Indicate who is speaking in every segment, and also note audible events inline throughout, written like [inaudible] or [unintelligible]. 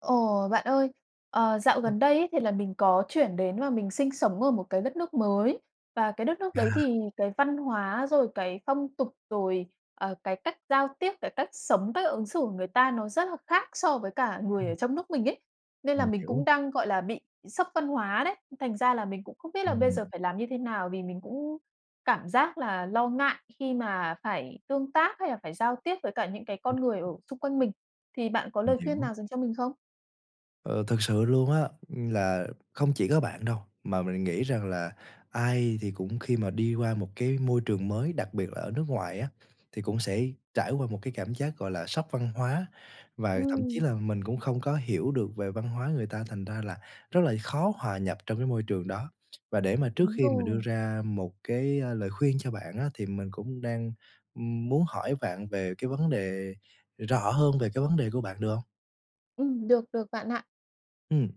Speaker 1: Ồ! Bạn ơi, ờ, dạo
Speaker 2: Ừm.
Speaker 1: gần đây ấy thì là mình có chuyển đến và mình sinh sống ở một cái đất nước mới. Và cái đất nước
Speaker 2: À.
Speaker 1: đấy thì cái văn hóa rồi cái phong tục, rồi, ờ, cái cách giao tiếp, cái cách sống, cách ứng xử của người ta nó rất là khác so với cả người
Speaker 2: Ừm.
Speaker 1: ở trong nước mình ấy. Nên là
Speaker 2: Mình
Speaker 1: mình
Speaker 2: hiểu.
Speaker 1: cũng đang, gọi là, bị sốc văn hóa đấy. Thành ra là mình cũng không biết là bây giờ
Speaker 2: Ừm.
Speaker 1: phải làm như thế nào vì mình cũng cảm giác là lo ngại khi mà phải tương tác hay là phải giao tiếp với cả những cái con người ở
Speaker 2: Ừm.
Speaker 1: xung quanh mình. Thì bạn có
Speaker 2: Mình
Speaker 1: lời khuyên
Speaker 2: hiểu.
Speaker 1: nào dành cho mình không?
Speaker 2: Ờ, thực sự luôn á, là không chỉ có bạn đâu, mà mình nghĩ rằng là ai thì cũng khi mà đi qua một cái môi trường mới, đặc biệt là ở nước ngoài á, thì cũng sẽ trải qua một cái cảm giác gọi là sốc văn hóa và thậm chí
Speaker 1: Ừm.
Speaker 2: là mình cũng không có hiểu được về văn hóa người ta thành ra là rất là khó hòa nhập trong cái môi trường đó. Và để mà trước
Speaker 1: Đúng
Speaker 2: khi mà đưa
Speaker 1: rồi.
Speaker 2: ra một cái, a, lời khuyên cho bạn á thì mình cũng đang muốn hỏi vạn về cái vấn đề rõ hơn về cái vấn đề của bạn, được hông?
Speaker 1: Ừm, được, được bạn ạ.
Speaker 2: Ừm,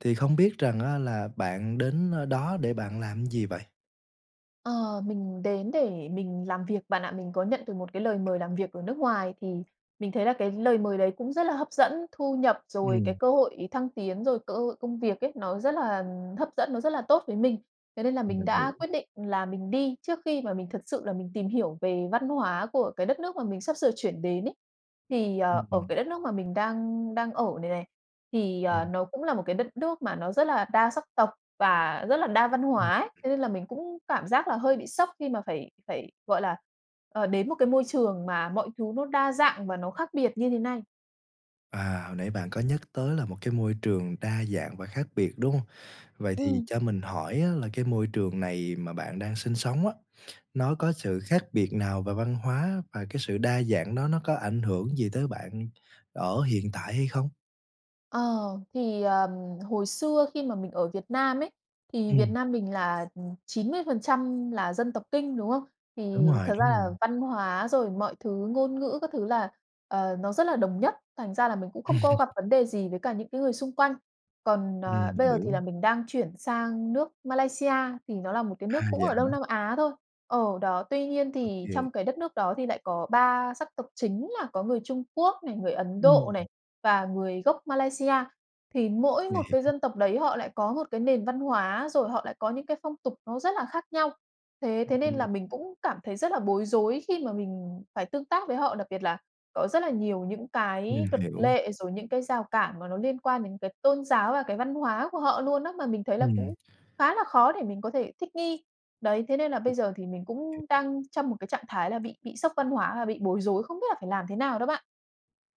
Speaker 2: thì không biết rằng á là bạn đến nơi đó để bạn làm gì vậy?
Speaker 1: Ờ, mình đến để mình làm việc bạn ạ. Mình có nhận được một cái lời mời làm việc ở nước ngoài thì mình thấy là cái lời mời đấy cũng rất là hấp dẫn, thu nhập, rồi cái
Speaker 2: Ừm.
Speaker 1: cơ hội thăng tiến, rồi cơ hội công việc ấy, nó rất là hấp dẫn, nó rất là tốt với mình. Thế nên là
Speaker 2: Ừm,
Speaker 1: mình
Speaker 2: mình hiểu.
Speaker 1: đã quyết định là mình đi trước khi mà mình thật sự là mình tìm hiểu về văn hóa của cái đất nước mà mình sắp sửa chuyển đến ấy. Thì, ờ,
Speaker 2: Ừm,
Speaker 1: ở
Speaker 2: ừm.
Speaker 1: cái đất nước mà mình đang đang ở này này, thì, ờ,
Speaker 2: Ừm.
Speaker 1: nó cũng là 1 cái đất nước mà nó rất là đa sắc tộc và rất là đa văn
Speaker 2: Ừm.
Speaker 1: hóa ấy. Thế nên là mình cũng cảm giác là hơi bị sốc khi mà phải phải gọi là, ờ, đến 1 cái môi trường mà mọi thứ nó đa dạng và nó khác biệt như thế này.
Speaker 2: À, hồi nãy bạn có nhắc tới là 1 cái môi trường đa dạng và khác biệt, đúng hông? Vậy thì
Speaker 1: Ừm.
Speaker 2: cho mình hỏi á là cái môi trường này mà bạn đang sinh sống á, nó có sự khác biệt nào về văn hóa và cái sự đa dạng đó nó có ảnh hưởng gì tới bạn ở hiện tại hay không?
Speaker 1: Ờ, thì, ờm, hồi xưa khi mà mình ở Việt Nam ấy, thì Việt
Speaker 2: Ừm.
Speaker 1: Nam mình là 90% là dân tộc Kinh, đúng không?
Speaker 2: Đúng
Speaker 1: Thì
Speaker 2: rồi,
Speaker 1: thật ra
Speaker 2: đúng
Speaker 1: là
Speaker 2: rồi.
Speaker 1: văn hóa rồi mọi thứ ngôn ngữ các thứ là, ờ, nó rất là đồng nhất, thành ra là mình cũng không có gặp
Speaker 2: [laughs]
Speaker 1: vấn đề gì với cả những cái người xung quanh. Còn, ờ,
Speaker 2: Ừm,
Speaker 1: bây giờ thì
Speaker 2: hiểu.
Speaker 1: là mình đang chuyển sang nước Malaysia thì nó là một cái
Speaker 2: À,
Speaker 1: nước cũng
Speaker 2: vậy
Speaker 1: ở Đông
Speaker 2: hả?
Speaker 1: Nam Á thôi. Ờ, đó, tuy nhiên
Speaker 2: Ô
Speaker 1: thì
Speaker 2: kê.
Speaker 1: trong cái đất nước đó thì lại có 3 sắc tộc chính là có người Trung Quốc này, người Ấn
Speaker 2: Ừm.
Speaker 1: Độ này, và người gốc Malaysia. Thì mỗi
Speaker 2: Mình
Speaker 1: 1 cái
Speaker 2: hiểu.
Speaker 1: dân tộc đấy họ lại có 1 cái nền văn hóa rồi họ lại có những cái phong tục nó rất là khác nhau. Thế thế nên
Speaker 2: Ừm.
Speaker 1: là mình cũng cảm thấy rất là bối rối khi mà mình phải tương tác với họ, đặc biệt là có rất là nhiều những
Speaker 2: Ừm,
Speaker 1: cái luật
Speaker 2: hiểu.
Speaker 1: lệ, rồi những cái rào cản mà nó liên quan đến cái tôn giáo và cái văn hóa của họ luôn á, mà mình thấy là
Speaker 2: Ừm.
Speaker 1: cũng khá là khó để mình có thể thích nghi. Đấy, thế nên là bây giờ thì mình cũng đang trong 1 cái trạng thái là bị bị sốc văn hóa và bị bối rối, không biết là phải làm thế nào đó bạn.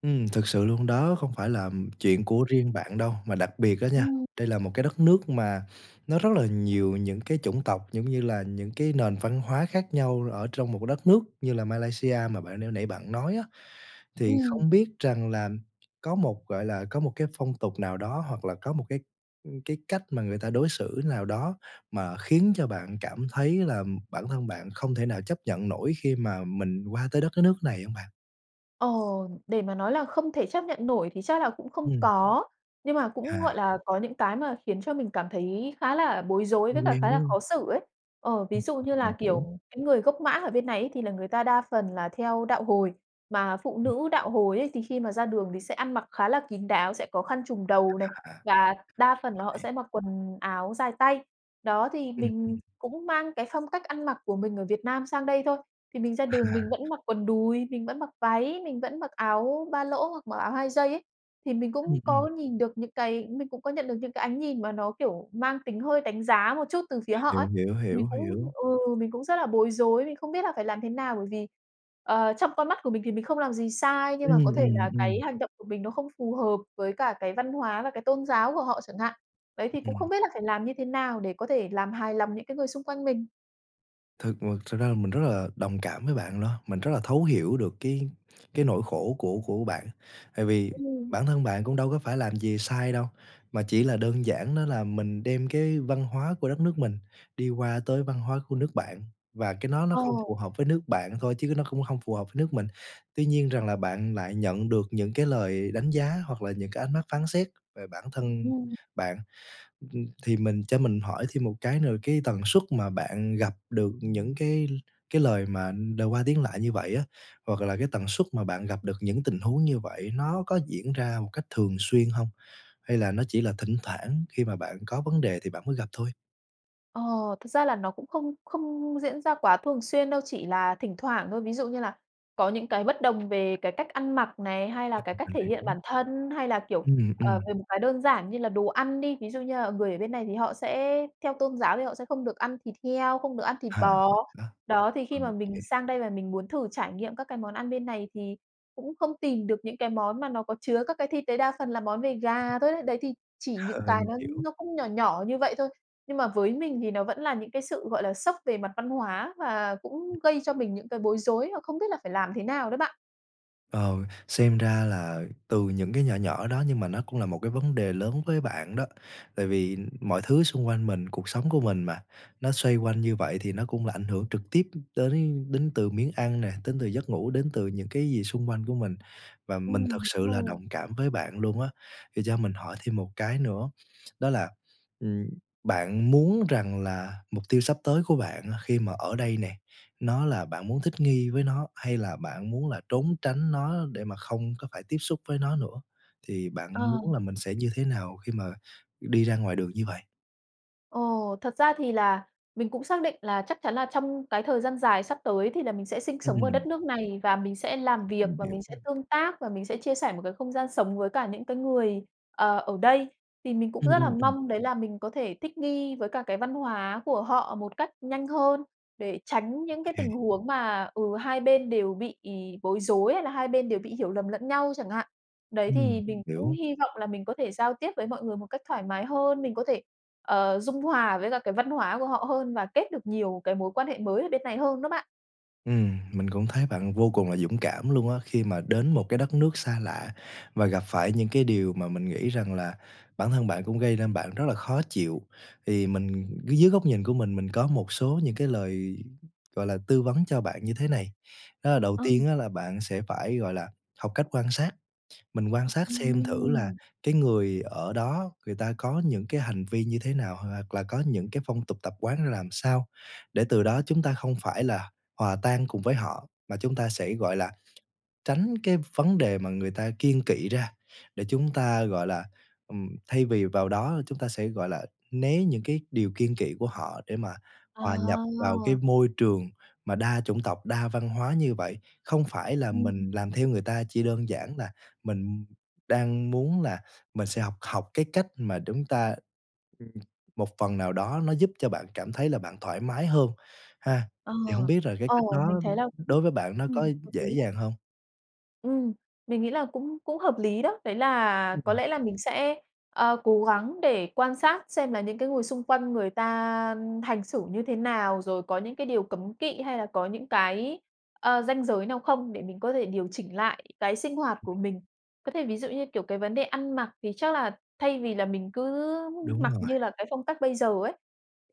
Speaker 2: Ừm, thực sự luôn đó không phải là, ừm, chuyện của riêng bạn đâu mà đặc biệt á nha,
Speaker 1: Ừm.
Speaker 2: đây là một cái đất nước mà nó rất là nhiều những cái chủng tộc, giống như là, những cái nền văn hóa khác nhau ở trong một cái đất nước như là Malaysia mà bạn n nãy bạn nói á. Thì
Speaker 1: Ừm.
Speaker 2: không biết rằng là có một, gọi là, có một cái phong tục nào đó hoặc là có một cái, ưm, cái cách mà người ta đối xử nào đó mà khiến cho bạn cảm thấy là bản thân bạn không thể nào chấp nhận nổi khi mà mình qua tới đất cái nước này hông bạn?
Speaker 1: Ờ, để mà nói là không thể chấp nhận nổi thì chắc là cũng không
Speaker 2: Ừm.
Speaker 1: có, nhưng mà cũng,
Speaker 2: À.
Speaker 1: gọi là, có những cái mà khiến cho mình cảm thấy khá là bối rối với
Speaker 2: Không
Speaker 1: cả
Speaker 2: quen,
Speaker 1: khá
Speaker 2: đúng
Speaker 1: là
Speaker 2: hông?
Speaker 1: khó xử ấy. Ờ, ví
Speaker 2: Ừm,
Speaker 1: dụ
Speaker 2: ừm,
Speaker 1: như là,
Speaker 2: mình hiểu.
Speaker 1: kiểu, những người gốc Mã ở bên này ấy, thì là người ta đa phần là theo đạo Hồi, mà phụ
Speaker 2: Ừm.
Speaker 1: nữ đạo Hồi ấy thì khi mà ra đường thì sẽ ăn mặc khá là kín đáo, sẽ có khăn trùm đầu này
Speaker 2: À.
Speaker 1: và đa phần là
Speaker 2: Đồng
Speaker 1: họ
Speaker 2: ý.
Speaker 1: sẽ mặc quần áo dài tay. Đó, thì
Speaker 2: Ừm, ừm.
Speaker 1: mình cũng mang cái phong cách ăn mặc của mình ở Việt Nam sang đây thôi, thì mình ra đường
Speaker 2: À.
Speaker 1: mình vẫn mặc quần đùi, mình vẫn mặc váy, mình vẫn mặc áo ba lỗ hoặc mặc áo hai dây ấy. Thì mình cũng
Speaker 2: Ừm,
Speaker 1: có
Speaker 2: ừm.
Speaker 1: nhìn được những cái mình cũng có nhận được những cái ánh nhìn mà nó, kiểu, mang tính hơi đánh giá một chút từ phía họ
Speaker 2: Hiểu,
Speaker 1: ấy,
Speaker 2: hiểu,
Speaker 1: thì mình
Speaker 2: hiểu,
Speaker 1: cũng
Speaker 2: hiểu.
Speaker 1: ừ, mình cũng rất là bối rối, mình không biết là phải làm thế nào. Bởi vì, ờ, trong con mắt của mình thì mình không làm gì sai, nhưng
Speaker 2: Ừm,
Speaker 1: mà có thể
Speaker 2: ừm,
Speaker 1: là cái
Speaker 2: ừm.
Speaker 1: hành động của mình nó không phù hợp với cả cái văn hóa và cái tôn giáo của họ chẳng hạn. Đấy, thì cũng không
Speaker 2: Ừm.
Speaker 1: biết là phải làm như thế nào để có thể làm hài lòng những cái người xung quanh mình.
Speaker 2: Thực m thực ra là mình rất là đồng cảm với bạn đó, mình rất là thấu hiểu được cái cái nỗi khổ của của bạn. Tại vì
Speaker 1: Ừm.
Speaker 2: bản thân bạn cũng đâu có phải làm gì sai đâu, mà chỉ là đơn giản đó là mình đem cái văn hóa của đất nước mình đi qua tới văn hóa của nước bạn, và cái nó nó không
Speaker 1: Ồ.
Speaker 2: phù hợp với nước bạn thôi chứ nó cũng hông phù hợp nước mình, tuy nhiên rằng là bạn lại nhận được những cái lời đánh giá hoặc là những cái ánh mắt phán xét về bản thân
Speaker 1: Ừm.
Speaker 2: bạn. Ừm, thì mình cho mình hỏi thêm một cái nữa là cái tần suất mà bạn gặp được những cái l cái lời mà, ừm, đ qua tiếng lại như vậy á, hoặc là cái tần suất mà bạn gặp được những tình huống như vậy nó có diễn ra một cách thường xuyên hông? Hay là nó chỉ là thỉnh thoảng khi mà bạn có vấn đề thì bạn mới gặp thôi?
Speaker 1: Ờ, thực ra là nó cũng không không diễn ra quá thường xuyên đâu, chỉ là thỉnh thoảng thôi. Ví dụ như là có những cái bất đồng về cái cách ăn mặc này, hay là
Speaker 2: Ơ,
Speaker 1: cái
Speaker 2: ừm,
Speaker 1: cách
Speaker 2: mình
Speaker 1: thể hiện
Speaker 2: hiểu.
Speaker 1: bản thân hay là, kiểu,
Speaker 2: Ừm,
Speaker 1: ờ,
Speaker 2: ừm.
Speaker 1: về một cái đơn giản như là đồ ăn đi, ví dụ như, ờ, người ở bên này thì họ sẽ theo tôn giáo thì họ sẽ không được ăn thịt heo, không được ăn thịt
Speaker 2: H
Speaker 1: bò.
Speaker 2: ừm, đó.
Speaker 1: Đó, thì khi mà mình
Speaker 2: OK.
Speaker 1: sang đây và mình muốn thử trải nghiệm các cái món ăn bên này thì cũng không tìm được những cái món mà nó có chứa các cái thịt đấy, đa phần là món về gà thôi đấy. Đấy thì chỉ những
Speaker 2: Ờ,
Speaker 1: cái
Speaker 2: mình
Speaker 1: nó
Speaker 2: hiểu.
Speaker 1: nó cũng nhỏ nhỏ như vậy thôi, nhưng mà với mình thì nó vẫn là những cái sự, gọi là, sốc về mặt văn hóa và
Speaker 2: Ừm.
Speaker 1: cũng gây cho mình những cái bối rối và không biết là phải làm thế nào đó bạn.
Speaker 2: Ờ, xem ra là từ những cái nhỏ nhỏ đó nhưng mà nó cũng là một cái vấn đề lớn với bạn đó. Tại vì mọi thứ xung quanh mình, cuộc sống của mình mà, nó xoay quanh như vậy thì nó cũng là ảnh hưởng trực tiếp đến đến từ miếng ăn này, đến từ giấc ngủ, đến từ những cái gì xung quanh của mình. Và mình thực
Speaker 1: Ừm, đúng
Speaker 2: sự là
Speaker 1: rồi.
Speaker 2: đồng cảm với bạn luôn á. Thì cho mình hỏi thêm một cái nữa, đó là, ừm, bạn muốn rằng là mục tiêu sắp tới của bạn khi mà ở đây nè, nó là bạn muốn thích nghi với nó hay là bạn muốn là trốn tránh nó để mà không có phải tiếp xúc với nó nữa. Thì bạn
Speaker 1: Ờ.
Speaker 2: muốn là mình sẽ như thế nào khi mà đi ra ngoài đường như vậy?
Speaker 1: Ồ, thật ra thì là mình cũng xác định là chắc chắn là trong cái thời gian dài sắp tới thì là mình sẽ sinh sống ở đất
Speaker 2: Ừm.
Speaker 1: nước này, và mình sẽ làm việc,
Speaker 2: Mình
Speaker 1: và mình sẽ
Speaker 2: hiểu.
Speaker 1: tương tác và mình sẽ chia sẻ một cái không gian sống với cả những cái người, ờ, ở đây. Thì mình cũng
Speaker 2: Ừm,
Speaker 1: rất là
Speaker 2: ừm, ừm.
Speaker 1: mong đấy là mình có thể thích nghi với cả cái văn hóa của họ một cách nhanh hơn, để tránh những cái tình
Speaker 2: [chuckles]
Speaker 1: huống mà, ừ, hai bên đều bị bối rối hay là hai bên đều bị hiểu lầm lẫn nhau chẳng hạn. Đấy
Speaker 2: Ừm,
Speaker 1: thì mình cũng
Speaker 2: hiểu.
Speaker 1: hy vọng là mình có thể giao tiếp với mọi người một cách thoải mái hơn, mình có thể, ờ, dung hòa với cả cái văn hóa của họ hơn và kết được nhiều cái mối quan hệ mới ở bên này hơn đó bạn.
Speaker 2: Ừm, mình cũng thấy bạn vô cùng là dũng cảm luôn á. Khi mà đến một cái đất nước xa lạ và gặp phải những cái điều mà mình nghĩ rằng là bản thân bạn cũng gây nên bạn rất là khó chịu. Thì mình dưới góc nhìn của mình, mình có một số những cái lời, gọi là, tư vấn cho bạn như thế này. Đó là đầu
Speaker 1: Ờ.
Speaker 2: tiên á là bạn sẽ phải, gọi là, học cách quan sát. Mình quan sát xem thử là
Speaker 1: Ừm.
Speaker 2: cái người ở đó người ta có những cái hành vi như thế nào h hoặc là có những cái phong tục tập quán ra làm sao để từ đó chúng ta không phải là hòa tan cùng với họ, mà chúng ta sẽ, gọi là, tránh cái vấn đề mà người ta kiêng kỵ ra để chúng ta, gọi là, ừm, thay vì vào đó chúng ta sẽ, gọi là, né những cái điều kiêng kỵ của họ, để mà
Speaker 1: À.
Speaker 2: hòa nhập vào cái môi trường mà đa chủng tộc, đa văn hóa như vậy. Không phải là
Speaker 1: Ừm.
Speaker 2: mình làm theo người ta chỉ đơn giản là mình đang muốn là mình sẽ học học cái cách mà đúng ta ừm, một phần nào đó nó giúp cho bạn cảm thấy là bạn thoải mái hơn, ha.
Speaker 1: Ờ.
Speaker 2: Thì hông biết là cái cách
Speaker 1: Ồ.
Speaker 2: đó
Speaker 1: Mình thấy là cũng,
Speaker 2: đối với bạn nó có
Speaker 1: ừm, hợp lý
Speaker 2: dễ
Speaker 1: á.
Speaker 2: dàng hông?
Speaker 1: Ừm, mình nghĩ là cũng cũng hợp lý đó. Đấy là có
Speaker 2: Ừm.
Speaker 1: lẽ là mình sẽ, ờ, cố gắng để quan sát xem là những cái người xung quanh người ta hành xử như thế nào, rồi có những cái điều cấm kỵ hay là có những cái, ờ, ranh giới nào không để mình có thể điều chỉnh lại cái sinh hoạt
Speaker 2: Ừm.
Speaker 1: của mình. Có thể ví dụ như, kiểu, cái vấn đề ăn mặc thì chắc là thay vì là mình cứ
Speaker 2: Đúng
Speaker 1: mặc
Speaker 2: rồi.
Speaker 1: như là cái phong cách bây giờ ấy,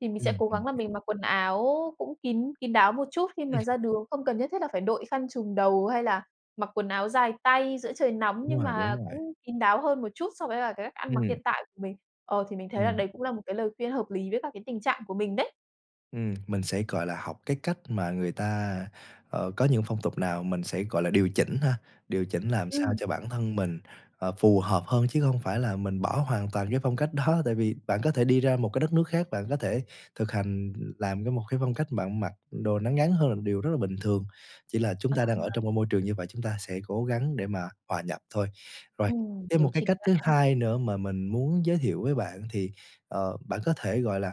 Speaker 1: thì mình sẽ
Speaker 2: Ừm,
Speaker 1: cố
Speaker 2: mình
Speaker 1: gắng là
Speaker 2: h
Speaker 1: mình mặc quần áo cũng kín kín đáo một chút khi
Speaker 2: Ừm.
Speaker 1: mà ra đường. Không cần nhất thiết là phải đội khăn trùm đầu hay là mặc quần áo dài tay giữa trời nóng,
Speaker 2: Đúng
Speaker 1: nhưng
Speaker 2: rồi, đúng
Speaker 1: mà
Speaker 2: rồi.
Speaker 1: cũng kín đáo hơn một chút so với là cái cách ăn mặc
Speaker 2: Ừm.
Speaker 1: hiện tại của mình. Ờ, thì mình thấy là
Speaker 2: Ừm.
Speaker 1: đấy cũng là một cái lời khuyên hợp lý với các cái tình trạng của mình đấy.
Speaker 2: Ừm, mình sẽ, gọi là, học cái cách mà người ta, ờ, có những phong tục nào mình sẽ, gọi là, điều chỉnh ha. Điều chỉnh làm sao
Speaker 1: Ừm.
Speaker 2: cho bản thân mình, ờ, phù hợp hơn chứ không phải là mình bỏ hoàn toàn cái phong cách đó. Tại vì bạn có thể đi ra một cái đất nước khác, bạn có thể thực hành làm cái một cái phong cách bạn mặc đồ nó ngắn hơn là một điều rất là bình thường. Chỉ là chúng
Speaker 1: Ờ.
Speaker 2: ta đang ở trong cái môi trường như vậy, chúng ta sẽ cố gắng để mà hòa nhập thôi. Rồi,
Speaker 1: Ừm,
Speaker 2: thêm
Speaker 1: điều
Speaker 2: một cái
Speaker 1: chỉnh
Speaker 2: cách
Speaker 1: lại
Speaker 2: thứ
Speaker 1: ha.
Speaker 2: 2 nữa mà mình muốn giới thiệu với bạn thì, ờ, bạn có thể, gọi là,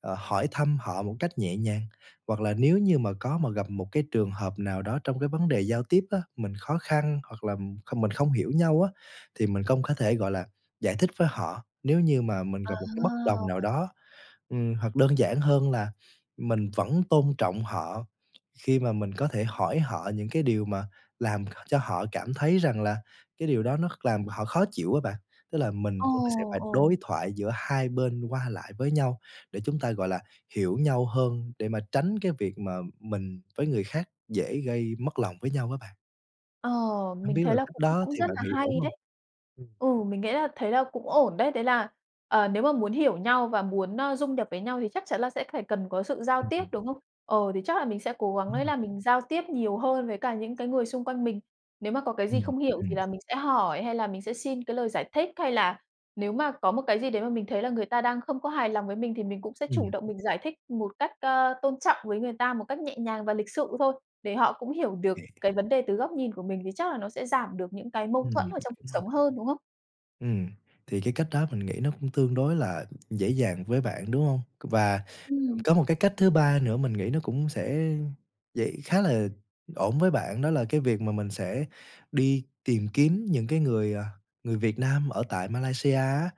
Speaker 2: ờ, hỏi thăm họ một cách nhẹ nhàng, hoặc là nếu như mà có mà gặp một cái trường hợp nào đó trong cái vấn đề giao tiếp á, mình khó khăn hoặc là, ừm, kh mình không hiểu nhau á, thì mình công có thể, gọi là, giải thích với họ, nếu như mà mình gặp một cái bất đồng nào
Speaker 1: À!
Speaker 2: đó. Ừm, hoặc đơn giản hơn là mình vẫn tôn trọng họ khi mà mình có thể hỏi họ những cái điều mà làm h cho họ cảm thấy rằng là cái điều đó nó kh làm họ khó chịu á bạn. Tức là mình
Speaker 1: Ồ!
Speaker 2: cũng sẽ phải
Speaker 1: Ồ!
Speaker 2: đối thoại giữa 2 bên qua lại với nhau để chúng ta, gọi là, hiểu nhau hơn, để mà tránh cái việc mà mình với người khác dễ gây mất lòng với nhau á bạn.
Speaker 1: Ờ,
Speaker 2: Hông
Speaker 1: mình
Speaker 2: biết
Speaker 1: thấy
Speaker 2: là
Speaker 1: là
Speaker 2: cách
Speaker 1: cũng
Speaker 2: đó
Speaker 1: cũng
Speaker 2: thì
Speaker 1: rất
Speaker 2: bạn
Speaker 1: là
Speaker 2: nghĩ ổn
Speaker 1: hay
Speaker 2: hông?
Speaker 1: đấy!
Speaker 2: Ừm.
Speaker 1: Ừ, mình nghĩ là thế là cũng ổn đấy. Đấy là, ờ, nếu mà muốn hiểu nhau và muốn, ờ, rung đập với nhau thì chắc chắn là sẽ phải cần có sự giao
Speaker 2: Ừm,
Speaker 1: tiếp,
Speaker 2: ừm.
Speaker 1: đúng không? Ờ, thì chắc là mình sẽ cố gắng ấy
Speaker 2: Ừm.
Speaker 1: là mình giao tiếp nhiều hơn với cả những cái người xung quanh mình. Nếu mà có cái gì
Speaker 2: Ừm,
Speaker 1: không hiểu thì
Speaker 2: ừm.
Speaker 1: là mình sẽ hỏi hay là mình sẽ xin cái lời giải thích, hay là nếu mà có một cái gì đấy mà mình thấy là người ta đang không có hài lòng với mình, thì mình cũng sẽ chủ
Speaker 2: Ừm.
Speaker 1: động mình giải thích một cách, à, tôn trọng với người ta một cách nhẹ nhàng và lịch sự thôi, để họ cũng hiểu được
Speaker 2: [unintelligible]
Speaker 1: cái vấn đề từ góc nhìn của mình thì chắc là nó sẽ giảm được những cái mâu
Speaker 2: Ừm,
Speaker 1: thuẫn ở trong cuộc
Speaker 2: đúng rồi.
Speaker 1: sống hơn, đúng không?
Speaker 2: Ừm, thì cái cách đó mình nghĩ nó cũng tương đối là dễ dàng với bạn, đúng hông? C và, ừm,
Speaker 1: Ừm.
Speaker 2: có một cái cách thứ 3 nữa mình nghĩ nó cũng sẽ dễ khá là ổn với bạn đó là cái việc mà mình sẽ đi tìm kiếm những cái người, à, người Việt Nam ở tại Malaysia á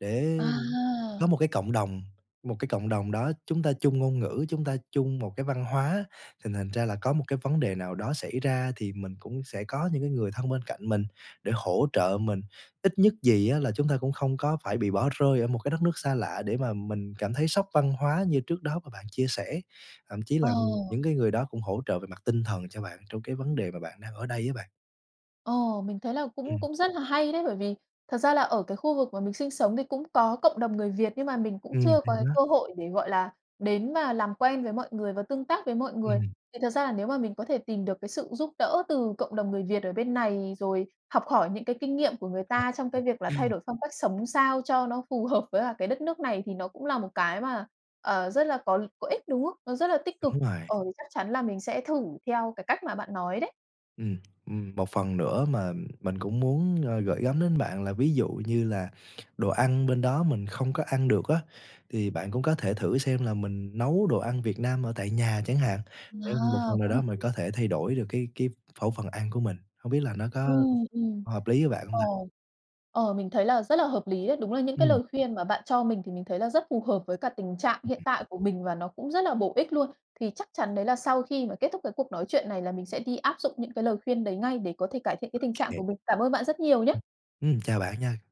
Speaker 2: để
Speaker 1: À.
Speaker 2: có một cái cộng đồng, một cái cộng đồng đó chúng ta chung ngôn ngữ, chúng ta chung một cái văn hóa thì thành ra là có một cái vấn đề nào đó xảy ra thì mình cũng sẽ có những cái người thân bên cạnh mình để hỗ trợ mình, ít nhất gì á là chúng ta cũng không có phải bị bỏ rơi ở một cái đất nước xa lạ để mà mình cảm thấy sốc văn hóa như trước đó mà bạn chia sẻ, thậm chí là
Speaker 1: Ờ.
Speaker 2: những cái người đó cũng hỗ trợ về mặt tinh thần cho bạn trong cái vấn đề mà bạn đang ở đây á bạn.
Speaker 1: Ồ, mình thấy là cũng
Speaker 2: Ừm.
Speaker 1: cũng rất là hay đấy, bởi vì thật ra là ở cái khu vực mà mình sinh sống thì cũng có cộng đồng người Việt, nhưng mà mình cũng
Speaker 2: Ừm,
Speaker 1: chưa
Speaker 2: thì
Speaker 1: có cái
Speaker 2: đó.
Speaker 1: cơ hội để, gọi là, đến và làm quen với mọi người và tương tác với mọi người.
Speaker 2: Ừm.
Speaker 1: Thì thật ra là nếu mà mình có thể tìm được cái sự giúp đỡ từ cộng đồng người Việt ở bên này, rồi học hỏi những cái kinh nghiệm của người
Speaker 2: Ờ.
Speaker 1: ta trong cái việc là
Speaker 2: Ừm.
Speaker 1: thay đổi phong cách sống sao cho nó phù hợp với cả cái đất nước này, thì nó cũng là một cái mà, ờ, rất là có có ích, đúng không? Nó rất là tích cực.
Speaker 2: Đúng rồi.
Speaker 1: Ờ, thì chắc chắn là mình sẽ thử theo cái cách mà bạn nói đấy.
Speaker 2: Ừm, ừm, một phần nữa mà mình cũng muốn, ờ, gửi gắm đến bạn là ví dụ như là đồ ăn bên đó mình không có ăn được á thì bạn cũng có thể thử xem là mình nấu đồ ăn Việt Nam ở tại nhà chẳng hạn, sẽ một
Speaker 1: Ờ,
Speaker 2: phần nào
Speaker 1: cũng
Speaker 2: đó
Speaker 1: hợp
Speaker 2: mình
Speaker 1: lý.
Speaker 2: có thể thay đổi được cái cái khẩu phần ăn của mình. Không biết là nó có
Speaker 1: Ừm, ừm.
Speaker 2: hợp lý với bạn hông
Speaker 1: Ờ,
Speaker 2: ta?
Speaker 1: ờ, mình thấy là rất là hợp lý đấy, đúng là những cái
Speaker 2: Ừm.
Speaker 1: lời khuyên mà bạn cho mình thì mình thấy là rất phù hợp với cả tình trạng hiện tại của mình và nó cũng rất là bổ ích luôn. Thì chắc chắn đấy là sau khi mà kết thúc cái cuộc nói chuyện này là mình sẽ đi áp dụng những cái lời khuyên đấy ngay, để có thể cải thiện
Speaker 2: Ô
Speaker 1: cái tình trạng của
Speaker 2: kê.
Speaker 1: mình. Cảm ơn bạn rất nhiều nhá.
Speaker 2: Ừm, chào bạn nha.